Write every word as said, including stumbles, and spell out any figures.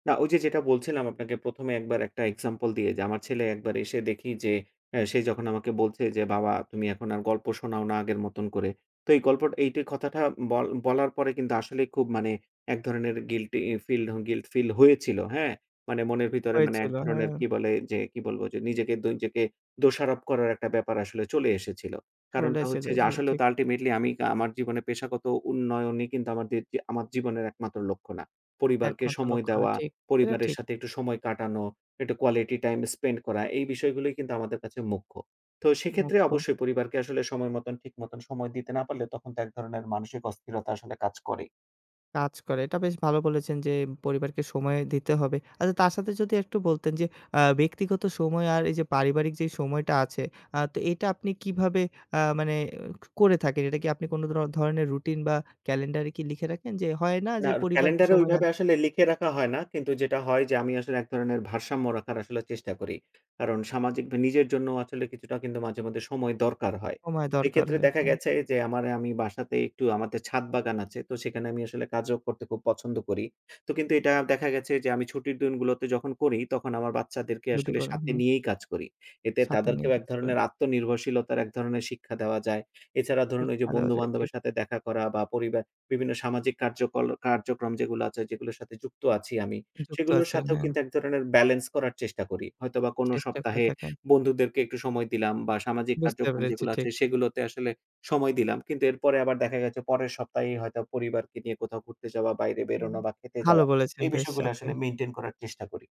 না ওইযে যেটা বলছিলাম আপনাকে প্রথম এ এক বার একটা এক্সাম্পল দিয়ে যে আমার ছেলে এক বার এসে দেখি যে এ সে যখন আমাকে বলছে যে, "বাবা তুমি এখন আর গল্প শোনাও না আগের মতন করে।" তো এই গল্প এই কথাটা ব বলার পরে কিন্তু আসলেই খুব মানে এক ধরনের গিল্টি ফিল গিল্ট ফিল হয়েছিল। হ্যাঁ? মানে মনের ভিতরে মানে এক হয়েছিল ধরনের হ্যাঁ। কি বলে? যে কি বলবো? যে নিজেকে দ নিজেকে দোষারোপ করার একটা ব্যাপার আসলে চলে এসেছিল। কারণটা চলেছিল হচ্ছে যে জি, আসলেও ঠিক। তো আল্টিমেটলি আমি আমার জীবনে পেশাগত উন্নয়নই কিন্তু আমাদের যে, আমার জীবনের একমাত্র লক্ষ্য না। পরিবারকে একমাত্র সময় লক্ষণ দেওয়া, ঠিক, এটা পরিবারের ঠিক। সাথে একটু সময় কাটানো, একটু কোয়ালিটি টাইম স্পেন্ড করা এই বিষয়গুলোই কিন্তু আমাদের কাছে মুখ্য। তো সেক্ষেত্রে মুখ্য। অবশ্যই পরিবারকে আসলে সময় মতন ঠিক মত সময় দিতে না পারলে তখন তো এক ধরনের মানসিক অস্থিরতা আসলে কাজ করে। কাজ করে। এটা বেশ ভালো বলেছেন যে পরিবারকে সময় দিতে হবে। আচ্ছা, তার সাথে যদি একটু বলতেন যে অ্যা ব্যক্তিগত সময় আর এইযে পারিবারিক যেই সময়টা আছে, অ্যা তো এটা আপনি কিভাবে অ্যা মানে করে থাকেন? এটা কি আপনি কোনো র ধরণের রুটিন বা ক্যালেন্ডার কি লিখে রাখেন যে হয় না না, যে পরিবারকে ক্যালেন্ডার এ সময় না ওইভাবে আসলে লিখে রাখা হয় না। কিন্তু যেটা হয় যে আমি আসলে এক ধরনের ভারসাম্য রাখার আসলে চেষ্টা করি। কারণ সামাজিক ব নিজের জন্যও আসলে কিছুটা কিন্তু মাঝে-মধ্যে সময় দরকার হয়। সময় দরকার এক্ষেত্রে হয়, দেখা হ্যাঁ। গেছে যে আমার আমি বাসাতে একটু আমাদের ছাদ বাগান আছে। তো সেখানে আমি আসলে কাজও করতে খুব পছন্দ করি। তো কিন্তু এটা দেখা গেছে যে আমি ছুটির দিনগুলোতে যখন করি, তখন আমার বাচ্চাদেরকে যদি আসলে করেন, সাথে হু। নিয়েই কাজ করি। এতে সাথে নিয়ে তাদেরকেও এক কাজ করেন। ধরনের আত্মনির্ভরশীলতার এক ধরনের শিক্ষা দেওয়া যায়। এছাড়া ধরুন ওইযে শিক্ষা দেওয়া যায়। ঠিক। বন্ধু-বান্ধবের সাথে দেখা করা বা পরিবার বিভিন্ন সামাজিক কার্যক্রল কার্যক্রম যেগুলা আছে যেগুলোর সাথে যুক্ত আছি আমি, যুক্ত সেগুলোর আছেন। সাথেও হ্যাঁ। কিন্তু এক ধরনের বেলেন্স করার চেষ্টা করি। হয়তোবা কোনো চেষ্টা করে সপ্তাহে থাকেন। বন্ধুদেরকে একটু সময় দিলাম বা সামাজিক বুঝতে কার্যক্রম পেরেছি যেগুলা ঠিক। আছে সেগুলোতে আসলে সময় দিলাম। কিন্তু এরপরে আবার দেখা গেছে পরের সপ্তাহেই হয়তো পরিবারকে নিয়ে কোথাও ঘুরতে যাওয়া, বাইরে হুম, বেরোনো বা খেতে ভালো যাওয়া বলেছেন এই বেশ বিষয়গুলো আপনি। আসলে মেইনটেইন করার চেষ্টা করি।